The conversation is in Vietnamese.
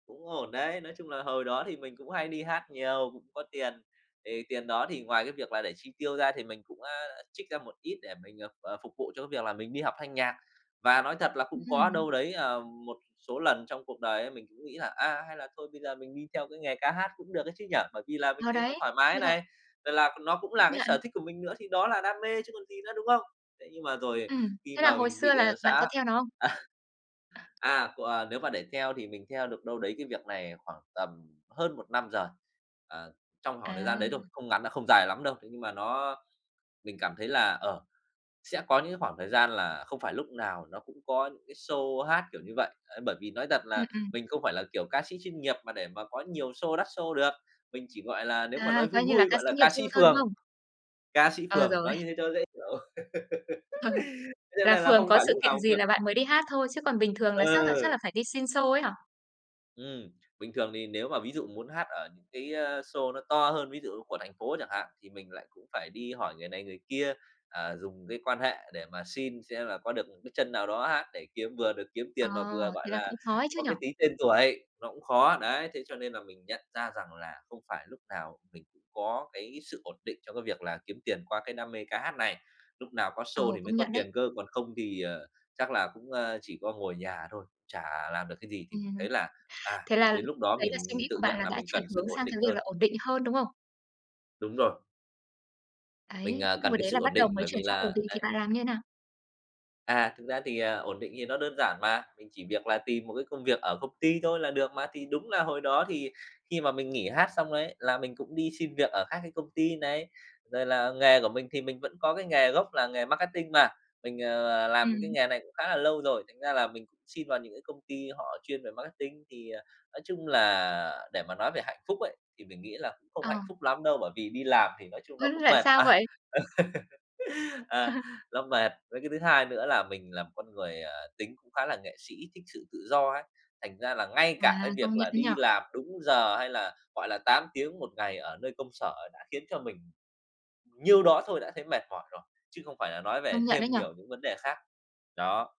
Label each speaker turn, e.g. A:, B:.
A: Cũng ổn đấy, nói chung là hồi đó thì mình cũng hay đi hát nhiều, cũng có tiền, thì tiền đó thì ngoài cái việc là để chi tiêu ra thì mình cũng, a, trích ra một ít để mình, ờ, ờ, phục vụ cho cái việc là mình đi học thanh nhạc. Và nói thật là
B: Ừm
A: cũng có
B: hừm.
A: đâu đấy, ờ, một số lần trong cuộc đời ấy mình cũng nghĩ là "A, hay là thôi bây giờ mình đi theo cái nghề ca hát cũng được đấy chứ nhỉ?" Bởi vì là mình
B: Ờ,
A: thấy nó
B: đấy.
A: thoải mái
B: Với lại
A: này, rồi là c nó cũng
B: Công
A: là cái sở
B: nhận.
A: thích của mình nữa thì đó là đam mê chứ còn gì nữa, đúng không? Thế nhưng mà rồi
B: Ừm.
A: khi
B: Thế là
A: mà
B: hồi
A: mình
B: xưa
A: bị,
B: là
A: ờ,
B: bạn có
A: xã
B: theo nó không?
A: à, à, c à, nếu mà để theo thì mình theo được đâu đấy cái việc này khoảng tầm hơn 1 năm giời. Ờ, trong khoảng thời gian
B: À.
A: đấy thôi, không ngắn đ không dài lắm đâu, thế nhưng mà nó mình cảm thấy là, ờ, sẽ có những cái khoảng thời gian là không phải lúc nào nó cũng có những cái show hát kiểu như vậy, ờ, bởi vì nói thật
B: Ừm,
A: là
B: ừm.
A: mình không phải là, kiểu, ca sĩ chuyên nghiệp mà để mà có nhiều show, đắt show được, mình chỉ, gọi là, nếu mà nói
B: À,
A: vui
B: coi như là
A: vui
B: ca
A: gọi
B: sĩ
A: là
B: nghiệp
A: ca
B: dư
A: sĩ
B: thôi, đúng
A: phường,
B: không?
A: ca sĩ
B: Ờ,
A: phường
B: rồi.
A: nói như thế cho nó dễ hiểu.
B: Ờ.
A: Thế cho
B: Là
A: nên là
B: phường
A: không
B: có
A: phải
B: sự
A: lúc
B: kiện
A: nào
B: gì
A: [unintelligible]
B: là bạn mới đi hát thôi, chứ còn bình thường là chắc là
A: Ừ.
B: chắc là phải đi xin show ấy hả?
A: Ừm, bình thường thì nếu mà ví dụ muốn hát ở những cái, a, show nó to hơn ví dụ của thành phố chẳng hạn thì mình lại cũng phải đi hỏi người này người kia, à, dùng cái quan hệ để mà xin xem là có được một cái chân nào đó hát để kiếm vừa được kiếm
B: Ờ,
A: tiền mà vừa, gọi
B: thế là cũng
A: là,
B: khó ấy chứ
A: có
B: nhỉ?
A: cái tí tên tuổi, nó cũng khó. Đấy, thế cho nên là mình nhận ra rằng là không phải lúc nào mình cũng có cái sự ổn định trong cái việc là kiếm tiền qua cái đam mê ca hát này, lúc nào có
B: Ờ,
A: show thì mới
B: công
A: có
B: nhận đấy.
A: tiền cơ. Còn không thì, ờ, chắc là cũng, ơ, chỉ có ngồi ở nhà thôi, chả làm được cái gì, thì mình
B: Ừm.
A: thấy là, à,
B: Thế là
A: đến lúc đó
B: đấy là suy
A: mình
B: nghĩ của
A: tự
B: bạn
A: nhận
B: là
A: là
B: đã
A: mình
B: chuyển
A: cần sự
B: hướng
A: ổn
B: sang
A: định
B: cái việc
A: hơn.
B: là ổn định hơn, đúng không?
A: Đúng rồi. Mình,
B: Ấy,
A: à,
B: nhưng
A: cần
B: hồi
A: cái
B: đấy là
A: sự
B: bắt
A: ổn định,
B: đầu mới
A: bởi
B: chuyển
A: vì
B: sang
A: là
B: ổn định thì
A: đấy.
B: bạn làm như thế nào?
A: À, thực ra thì, à, ổn định thì nó đơn giản mà, mình chỉ việc là tìm một cái công việc ở công ty thôi là được mà. Thì đúng là hồi đó thì khi mà mình nghỉ hát xong ấy là mình cũng đi xin việc ở các cái công ty này, rồi là nghề của mình thì mình vẫn có cái nghề gốc là nghề marketing mà, mình, ờ, làm cái
B: Ừm.
A: nghề này cũng khá là lâu rồi, thành ra là mình cũng xin vào những cái công ty họ chuyên về marketing. Thì, à, nói chung là để mà nói về hạnh phúc ấy, thì mình nghĩ là cũng không
B: Ờ.
A: hạnh phúc lắm đâu, bởi vì đi làm thì nói chung nó
B: Ưm,
A: cũng
B: tại
A: mệt
B: sao
A: mà.
B: vậy?
A: À, nó mệt. Với cái thứ hai nữa là mình là một con người, ờ, tính cũng khá là nghệ sĩ, thích sự tự do ấy, thành ra là ngay
B: À,
A: cả cái việc
B: công nhận
A: là
B: ấy nhỉ.
A: đi làm đúng giờ, hay là, gọi là, 8 tiếng 1 ngày ở nơi công sở đã khiến cho mình nhiêu đó thôi đã thấy mệt mỏi rồi, chứ không phải là nói về
B: Công nhận ấy
A: thêm
B: nhỉ.
A: nhiều những vấn đề khác. Đó.